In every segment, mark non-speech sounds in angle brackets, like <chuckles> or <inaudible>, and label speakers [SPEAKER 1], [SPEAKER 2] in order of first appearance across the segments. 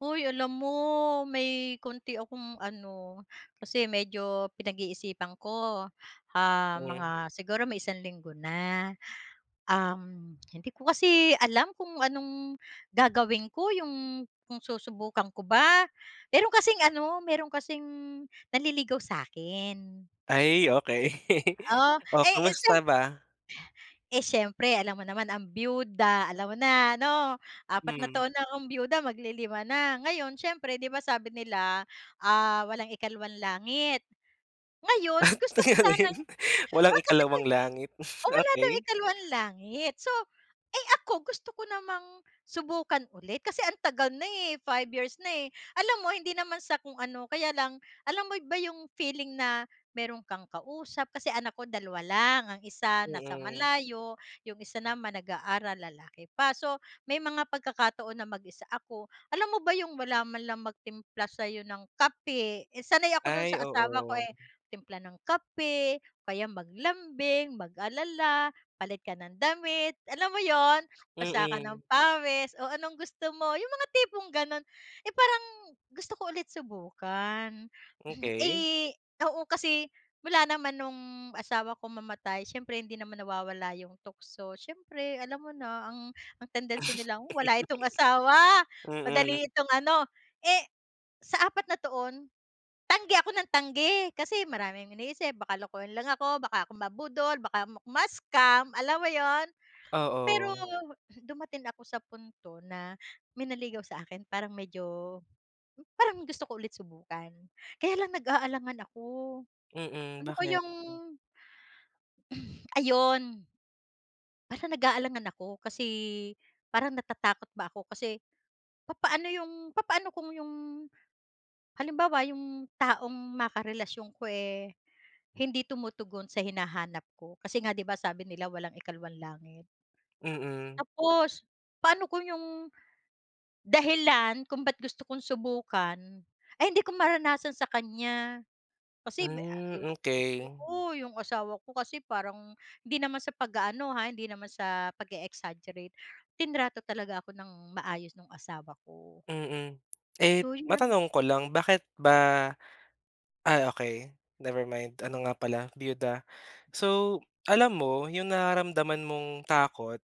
[SPEAKER 1] Hoy alam mo may konti akong ano, kasi medyo pinag-iisipan ko, ah, mga
[SPEAKER 2] Mm.
[SPEAKER 1] siguro may isang linggo na. Um, hindi ko kasi alam kung anong gagawin ko, yung kung susubukan ko ba. Meron kasing ano, meron kasing nanliligaw sa'kin.
[SPEAKER 2] Ay okey. <laughs>
[SPEAKER 1] Oh,
[SPEAKER 2] Oh,
[SPEAKER 1] ay eh
[SPEAKER 2] kumusta
[SPEAKER 1] siyemp
[SPEAKER 2] ba?
[SPEAKER 1] eh siyempre alam mo naman ang biyuda, alam mo na 'no. 4 na
[SPEAKER 2] Hmm.
[SPEAKER 1] taon na akong biyuda, mag li 5 na. Ngayon siyempre 'di ba sabi nila, ah, walang ikalawang langit,
[SPEAKER 2] Ah
[SPEAKER 1] ngayon gusto ko sanang,
[SPEAKER 2] <unintelligible> Walang
[SPEAKER 1] ah, kasi
[SPEAKER 2] ikalawang
[SPEAKER 1] ay,
[SPEAKER 2] langit.
[SPEAKER 1] oh
[SPEAKER 2] <chuckles>
[SPEAKER 1] wala daw
[SPEAKER 2] Okey.
[SPEAKER 1] ikalawang langit. So, eh ako gusto ko namang subukan uli' kasi ang tagal na eh, 5 years na eh. Alam mo hindi naman sa kung ano, kaya lang, alam mo ba yung feeling na meron kang kausap, kasi anak ko 2 lang, ang 1 nasa
[SPEAKER 2] Mm.
[SPEAKER 1] malayo, yung 1 naman nag-aaral, lalaki pa. So may mga pagkakataon na mag-isa ako, alam mo ba yung wala man lang magtimpla sayo ng kape, eh sanay ako dun sa
[SPEAKER 2] Ay,
[SPEAKER 1] asawa ko
[SPEAKER 2] oo.
[SPEAKER 1] eh, timpla ng kape o kaya maglambing, mag-alala, palit ka ng damit, alam mo yun. Basa ka ng
[SPEAKER 2] Mm.
[SPEAKER 1] pawis, "o anong gusto mo?" yung mga tipong ganon. Eh parang gusto ko ulit subukan.
[SPEAKER 2] Okey.
[SPEAKER 1] Eh oo, kasi mula naman nung asawa ko mamatay siyempre hindi naman nawawala 'yong tukso, siyempre alam mo na ang ang tendency
[SPEAKER 2] <laughs>
[SPEAKER 1] nila "wala itong asawa,
[SPEAKER 2] Mm.
[SPEAKER 1] madali itong ano" eh sa 4 na taon, tanggi ako nang tanggi. Kasi maraming iniisip, baka lokohin lang ako, baka ako mabudol, baka ma-scam, alam mo 'yon. Pero
[SPEAKER 2] Oo.
[SPEAKER 1] dumating ako sa punto na may nanligaw sa akin, parang medyo parang gusto ko ulit subukan. Kaya lang nag-aalangan ako,
[SPEAKER 2] Mm,
[SPEAKER 1] ano
[SPEAKER 2] bakit?
[SPEAKER 1] kayang <sighs> ayun. Parang nag-aalangan ako, kasi parang natatakot ba ako. Kasi papaano 'yong papaano kung 'yong, halimbawa yung taong makarelasyon ko eh, hindi tumutugon sa hinahanap ko. Kasi nga 'di ba sabi nila, walang ikalawang langit.
[SPEAKER 2] Mm.
[SPEAKER 1] Tapos paano kung yung dahilan kung ba't gusto kong subukan ay hindi ko maranasan sa kanya. Kasi bi ah
[SPEAKER 2] Hmm,
[SPEAKER 1] ah
[SPEAKER 2] okey.
[SPEAKER 1] oo, yung asawa ko kasi parang hindi naman sa pag-aano ha, hindi naman sa pag-e-exaggerate. Trinato talaga ako ng maayos nung asawa ko.
[SPEAKER 2] Mm. Eh
[SPEAKER 1] So yun ano.
[SPEAKER 2] matanong ko lang, bakit ba? Ah okey never mind, ano nga pala biyuda. So, alam mo yung nararamdaman mong takot,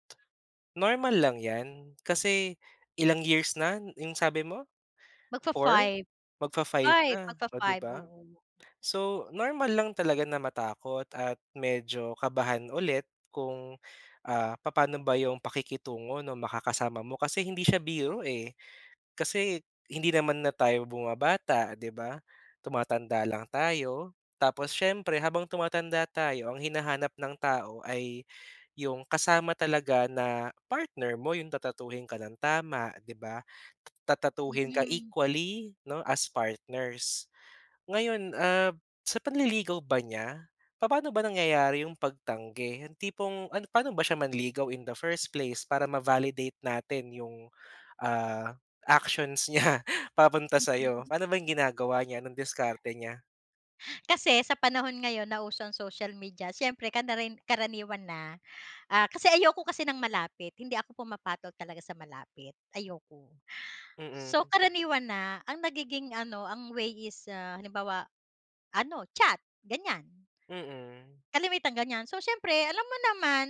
[SPEAKER 2] normal lang 'yan. Kasi ilang years na yung sabi mo? 4?
[SPEAKER 1] Mag-fa-five.
[SPEAKER 2] Mag-fa-five
[SPEAKER 1] 5.
[SPEAKER 2] na, o 'di
[SPEAKER 1] Mag-fa-five,
[SPEAKER 2] ba.
[SPEAKER 1] oo.
[SPEAKER 2] So normal lang talaga na matakot at medyo kabahan ulit, kung ah papa'no ba yung pakikitungo nung makakasama mo. Kasi hindi siya biro eh. Kasi hindi naman na tayo bumabata 'di ba, tumatanda lang tayo. Tapos siyempre habang tumatanda tayo ang hinahanap ng tao ay yung kasama talaga na partner mo, yung tatratuhin ka nang tama 'di ba, tatratuhin ka
[SPEAKER 1] Mm.
[SPEAKER 2] equally 'no, as partners. Ngayon ah sa panliligaw ba niya, papa'no ba nangyayari yung pagtanggi? Yung tipong ano pa'no ba siya manligaw in the first place, para ma-validate natin yung ah actions niya papunta sa'yo.
[SPEAKER 1] Mm.
[SPEAKER 2] Pa'no ba yung ginagawa niya, anong diskarte niya?
[SPEAKER 1] <breath> Kasi sa panahon ngayon na uso ang social media siyempre kanarin karaniwan na, ah kasi ayoko kasi ng malapit. Hindi ako pumapatol talaga sa malapit, ayoko.
[SPEAKER 2] Mm.
[SPEAKER 1] So karaniwan na, ang nagiging ano ang way is ah halimbawa, ano chat ganyan.
[SPEAKER 2] Mm.
[SPEAKER 1] Kalimitan ganyan, so siyempre alam mo naman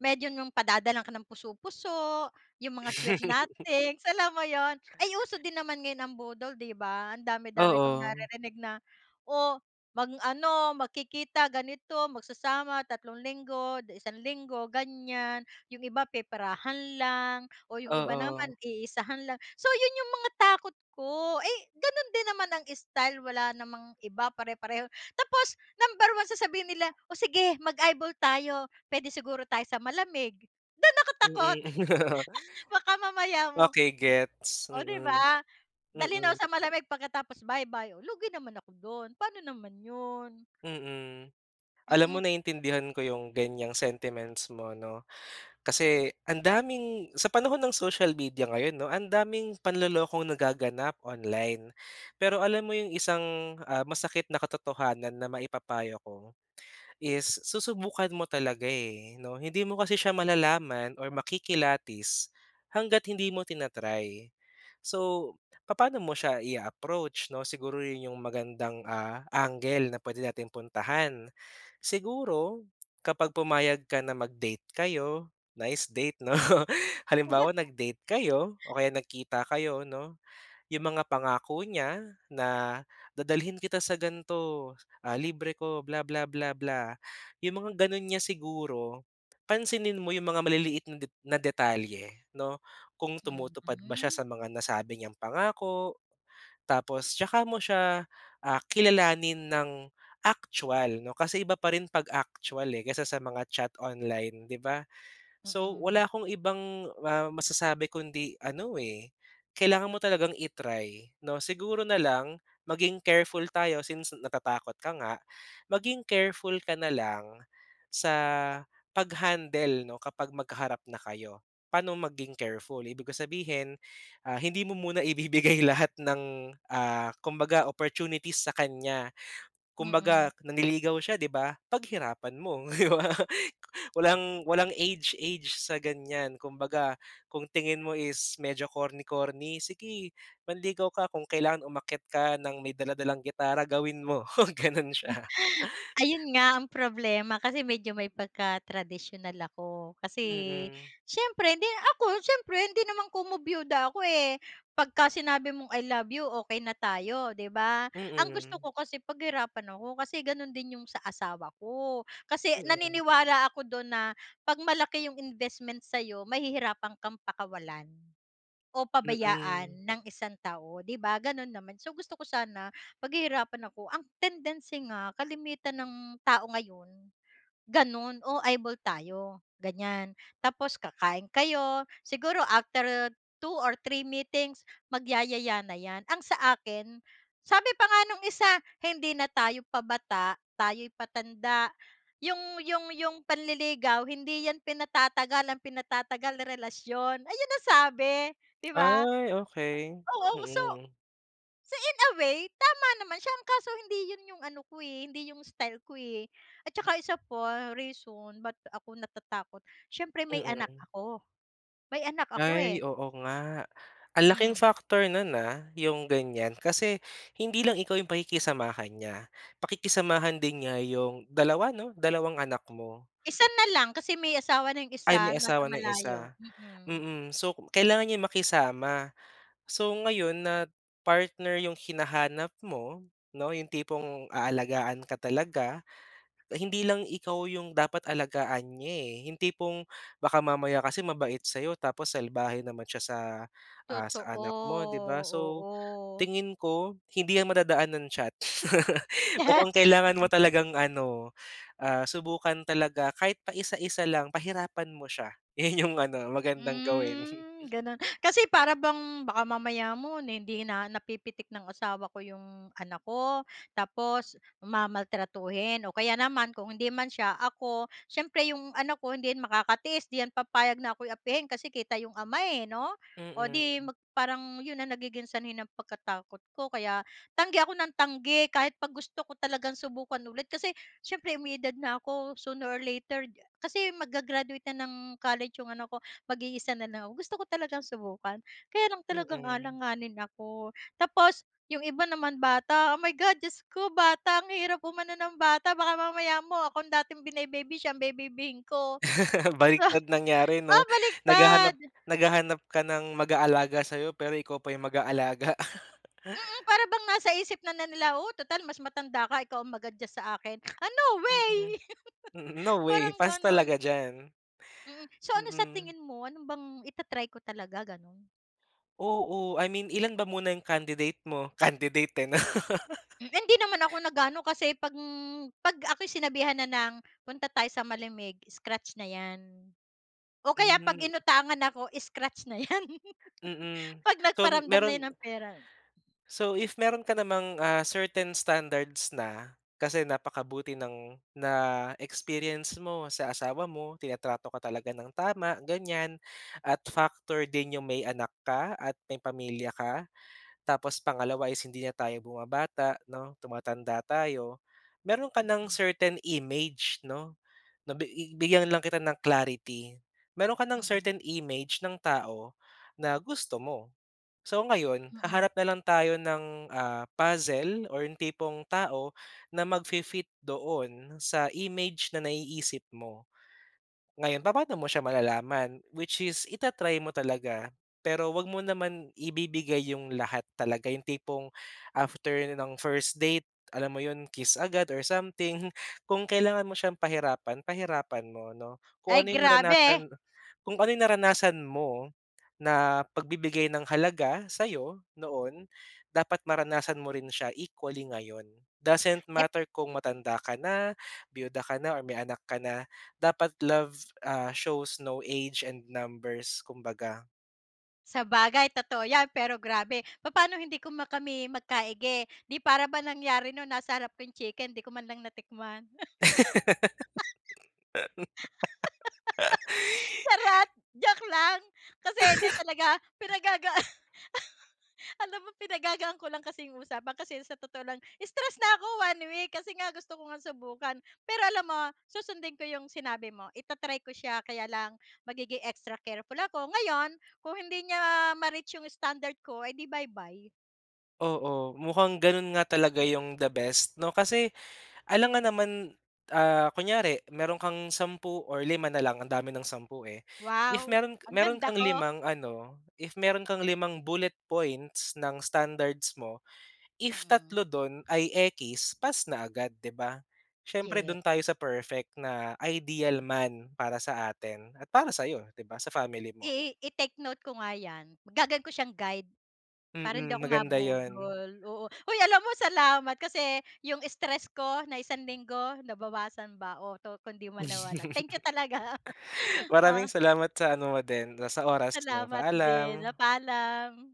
[SPEAKER 1] medyo yung padadalhan ka ng puso-puso, yung mga sweet
[SPEAKER 2] <laughs>
[SPEAKER 1] nothings, alam mo 'yon. Ay uso din naman ngayon ang budol 'di ba, ang dami-dami kong
[SPEAKER 2] Oo.
[SPEAKER 1] naririnig na oh mag-ano, magkikita ganito, magsasama tatlong linggo 'di isang linggo, ganyan. Yung iba peperahan lang, o yung iba
[SPEAKER 2] Oo.
[SPEAKER 1] naman iisahan lang. So yun yung mga takot ko, eh ganun din naman ang style, wala namang iba, pare-pareho. Tapos number one sasabihin nila, "o sige mag-eyeball tayo, puwede siguro tayo sa malamig," dun ako takot.
[SPEAKER 2] Mm.
[SPEAKER 1] <laughs> Baka
[SPEAKER 2] <laughs>
[SPEAKER 1] mamaya mo,
[SPEAKER 2] Okey gets.
[SPEAKER 1] oh 'di
[SPEAKER 2] Mm,
[SPEAKER 1] ba dalhin ako
[SPEAKER 2] mm.
[SPEAKER 1] sa malamig pagkatapos bye-bye. O lugi naman ako dun, pa'no naman yun.
[SPEAKER 2] Mm, alam mo
[SPEAKER 1] Mm.
[SPEAKER 2] naintindihan ko yung ganyang sentiments mo 'no. Kasi ang daming, sa panahon ng social media ngayon 'no, ang daming panlolokong nagaganap online. Pero alam mo yung isang ah masakit na katotohanan na maipapayo ko, is susubukan mo talaga eh 'no. Hindi mo kasi siya malalaman or makikilatis, hangga't hindi mo tina-try. So papa'no mo siya i-a-approach 'no, siguro yun yung magandang ah angle na pwede nating puntahan. Siguro kapag pumayag ka na mag-date kayo, nice date 'no halimbawa
[SPEAKER 1] <laughs>
[SPEAKER 2] nag-date kayo o kaya nagkita kayo 'no. Yung mga pangako niya na, dadalhin kita sa gan'to, ah libre ko, bla bla bla bla, yung mga ganun niya siguro, pansinin mo yung mga maliliit na na detalye 'no. Kung tumutupad ba siya
[SPEAKER 1] Mhm.
[SPEAKER 2] sa mga nasabi niyang pangako, tapos 'tsaka mo siya ah kilalanin ng actual 'no. Kasi iba pa rin 'pag actual eh, kaysa sa mga chat online 'di ba. So
[SPEAKER 1] Mm.
[SPEAKER 2] wala akong ibang ah masasabi kundi ano eh, kailangan mo talagang i-try 'no. Siguro na lang maging careful tayo since natatakot ka nga, maging careful ka na lang sa pag handle 'no kapag magkaharap na kayo. Pa'no maging careful? Ibig ko sabihin, ah hindi mo muna ibibigay lahat ng ah kumbaga opportunities sa kanya.
[SPEAKER 1] Mm.
[SPEAKER 2] Kumbaga nanliligaw siya 'di ba, paghirapan mo 'di ba. Walang walang age-age sa ganyan. Kumbaga kung tingin mo is medyo corny-corny, sige manligaw ka. Kung kailangan umakyat ka ng may dala-dalang gitara, gawin mo ganun siya.
[SPEAKER 1] Ayun nga ang problema, kasi medyo may pagka-tradisyonal ako. Kasi,
[SPEAKER 2] Mm.
[SPEAKER 1] siyempre 'di ako siyempre hindi naman komo biyuda ako eh, 'pagka sinabi mong "i love you" okey na tayo 'di ba. Ang gusto
[SPEAKER 2] Mm.
[SPEAKER 1] ko kasi paghirapan ako, kasi ganun din yung sa asawa ko. Kasi
[SPEAKER 2] Mm.
[SPEAKER 1] naniniwala ako dun na, 'pag malaki yung investment sa'yo mahihirapan kang pakawalan, o pabayaan
[SPEAKER 2] Mm.
[SPEAKER 1] ng isang tao, 'di ba ganun naman. So gusto ko sana paghihirapan ako, ang tendency nga kalimitan ng tao ngayon, ganun. "oh, eyeball tayo" ganyan, tapos kakain kayo, siguro after 2 or 3 meetings magyayaya na 'yan. Ang sa akin, sabi pa nga nung isa "Hindi na tayo pabata tayo'y patanda, yung yung yung panliligaw hindi 'yan pinatatagal ang pinatatagal relasyon" ayun ang sabi 'di ba.
[SPEAKER 2] Ay okey,
[SPEAKER 1] Oo so,
[SPEAKER 2] mm.
[SPEAKER 1] so in a way tama naman siya, kaso hindi yun yung ano ko eh hindi yung style ko eh, at saka isa pa reason ba't ako natatakot siyempre may anak
[SPEAKER 2] Mm.
[SPEAKER 1] ako, may anak ako eh.
[SPEAKER 2] Ay oo nga. Ang laking
[SPEAKER 1] Hmm.
[SPEAKER 2] factor nun ah, yung ganyan. Kasi hindi lang ikaw yung pakikisamahan niya, pakikisamahan din niya yung 2 'no dalawang anak mo.
[SPEAKER 1] Isa na lang kasi may asawa na yung
[SPEAKER 2] Ay
[SPEAKER 1] isa,
[SPEAKER 2] may
[SPEAKER 1] nasa
[SPEAKER 2] asawa na yung
[SPEAKER 1] malayo,
[SPEAKER 2] isa,
[SPEAKER 1] mm.
[SPEAKER 2] mm. So kailangan niyang makisama. So ngayon na partner yung hinahanap mo 'no, 'yong tipong aalagaan ka talaga. Hindi lang ikaw 'yong dapat alagaan niya eh, yung tipong baka mamaya kasi mabait sa'yo tapos salbahe naman siya sa ah
[SPEAKER 1] Totoo,
[SPEAKER 2] sa anak mo 'di ba. So
[SPEAKER 1] oo.
[SPEAKER 2] tingin ko, hindi yan madadaan ng chat. <laughs> Mukhang kailangan mo
[SPEAKER 1] <laughs>
[SPEAKER 2] talagang ano ah subukan talaga, kahit paisa-isa lang pahirapan mo siya. Yun yung ano, magandang gawin.
[SPEAKER 1] Hmm,
[SPEAKER 2] <chuckles>
[SPEAKER 1] gano'n. Kasi para bang baka mamaya mo na hindi na napipitik ng asawa ko 'yong anak ko, tapos mamaltratuhin. O kaya naman kung hindi man siya ako, siyempre 'yong anak ko hindi yan makakatiis, 'di 'yan papayag na ako'y apihin, kasi kita 'yong ama eh 'no. O di
[SPEAKER 2] Mm.
[SPEAKER 1] mag parang 'yon ang nagiging sanhi ng pagkatakot ko, kaya tanggi ako ng tanggi kahit 'pag gusto ko talagang subukan ulit. Kasi siyempre may edad na ako, sooner or later, kasi mag-ga-graduate na ng college yung anak ko, mag-iisa na lang ako, gusto ko talagang subukan kaya lang talagang
[SPEAKER 2] Mm.
[SPEAKER 1] alanganin ako. Tapos yung iba naman bata. Oh my God! Diyos ko bata, ang hirap umano ng bata, baka mamaya mo ako ang dating bine-baby siya ang bebaybihin ko.
[SPEAKER 2] <laughs> Baligtad
[SPEAKER 1] <laughs>
[SPEAKER 2] nangyari 'no.
[SPEAKER 1] Ah
[SPEAKER 2] Naghahanap
[SPEAKER 1] baligtad.
[SPEAKER 2] naghahanap ka ng mag-aalaga saiyo, pero ikaw pa yung mag-aalaga.
[SPEAKER 1] Mm,
[SPEAKER 2] <laughs>
[SPEAKER 1] para bang nasa isip na na nila, "oh, total mas matanda ka ikaw ang mag-adjust sa akin." Ah no way.
[SPEAKER 2] Mm, mm,
[SPEAKER 1] <laughs>
[SPEAKER 2] no way,
[SPEAKER 1] Parang
[SPEAKER 2] pass
[SPEAKER 1] ganun.
[SPEAKER 2] talaga diyan.
[SPEAKER 1] Mm. So ano sa
[SPEAKER 2] Mm.
[SPEAKER 1] tingin mo, ano bang, ita-try ko talaga ganun?
[SPEAKER 2] Oo. I mean, ilan ba muna yung candidate mo? Candidate, eh, 'no.
[SPEAKER 1] Hmm, hindi naman ako
[SPEAKER 2] <laughs>
[SPEAKER 1] nag-aano kasi 'pag 'pag ako'y sinabihan na ng punta tayo sa malamig, scratch na 'yan. O kaya 'pag
[SPEAKER 2] Mhm.
[SPEAKER 1] inutangan ako, scratch na 'yan. <laughs>
[SPEAKER 2] Mm,
[SPEAKER 1] 'Pag
[SPEAKER 2] so
[SPEAKER 1] nagparamdam na 'yan
[SPEAKER 2] meron
[SPEAKER 1] ng pera.
[SPEAKER 2] So, if meron ka namang, ah, certain standards na, kasi napakabuti ng na-experience mo sa asawa mo. Tinatrato ka talaga ng tama, ganiyan. At factor din yung may anak ka at may pamilya ka. Tapos pangalawa is hindi na tayo bumabata 'no, tumatanda tayo. Meron ka ng certain image 'no, nabi bigyan lang kita ng clarity, meron ka ng
[SPEAKER 1] Mm.
[SPEAKER 2] certain image ng tao na gusto mo. So ngayon,
[SPEAKER 1] Mm.
[SPEAKER 2] haharap na lang tayo ng, ah, puzzle or yung tipong tao na magfi-fit doon sa image na naiisip mo. Ngayon, papa'no mo siya malalaman? Which is ita-try mo talaga, pero huwag mo naman ibibigay yung lahat talaga, yung tipong after ng first date, alam mo 'yon, kiss agad or something. Kung kailangan mo siyang pahirapan, pahirapan mo 'no. Kung
[SPEAKER 1] Ay,
[SPEAKER 2] ano yung naranasan,
[SPEAKER 1] grabe!
[SPEAKER 2] kung ano yung naranasan mo na pagbibigay ng halaga sa'yo, noon. Dapat maranasan mo rin siya equally ngayon, doesn't
[SPEAKER 1] Et
[SPEAKER 2] matter kung matanda ka na, biyuda ka na or may anak ka na. Dapat love, ah, shows no age and numbers, kumbaga.
[SPEAKER 1] Sabagay, totoo 'yan, pero grabe! Papa'no hindi kuma kami magkaigi? 'Di para ba nangyari nun nasa harap ko 'yung chicken 'di ko man lang natikman. <laughs>
[SPEAKER 2] <laughs>
[SPEAKER 1] Charot. Joke lang. Kasi hindi
[SPEAKER 2] <laughs>
[SPEAKER 1] talaga, pinagagaan <laughs> alam mo, pinagagaan ko lang kasi 'yung usapan kasi sa totoo lang stress na 'ko 1 week kasi nga gusto ko ngang subukan. Pero alam mo, susundin ko yung sinabi mo, ita-try ko siya, kaya lang magiging extra careful ako. Ngayon, kung hindi niya ma-reach yung standard ko, eh, 'di bye-bye.
[SPEAKER 2] Oo. Mukhang gano'n nga talaga 'yong the best, 'no? Kasi alangan naman, ah, kunyari, meron kang 10 or lima na lang, ang dami ng 10, eh. If
[SPEAKER 1] Wow!
[SPEAKER 2] meron
[SPEAKER 1] Ang
[SPEAKER 2] meron
[SPEAKER 1] ganda
[SPEAKER 2] kang
[SPEAKER 1] ko.
[SPEAKER 2] limang ano, if meron kang limang bullet points ng standards mo, if
[SPEAKER 1] Mm.
[SPEAKER 2] 3 do'n ay ekis, pass na agad, 'di ba? Siyempre
[SPEAKER 1] Ye
[SPEAKER 2] do'n tayo sa perfect na ideal man para sa atin at para sa'yo, 'di ba, sa family mo.
[SPEAKER 1] I i-take note ko nga 'yan. Gagawin ko siyang guide. Para hindi
[SPEAKER 2] Mm.
[SPEAKER 1] ako
[SPEAKER 2] Maganda 'yun.
[SPEAKER 1] mabudol, oo. Hoy, alam mo, salamat kasi 'yong stress ko na isang linggo, nabawasan ba o 'to kung 'di man nawala. Thank you talaga. <laughs>
[SPEAKER 2] <laughs> Maraming
[SPEAKER 1] Oh.
[SPEAKER 2] salamat sa ano mo din, ah, sa oras mo.
[SPEAKER 1] Salamat din. Ah,
[SPEAKER 2] Paalam.
[SPEAKER 1] paalam.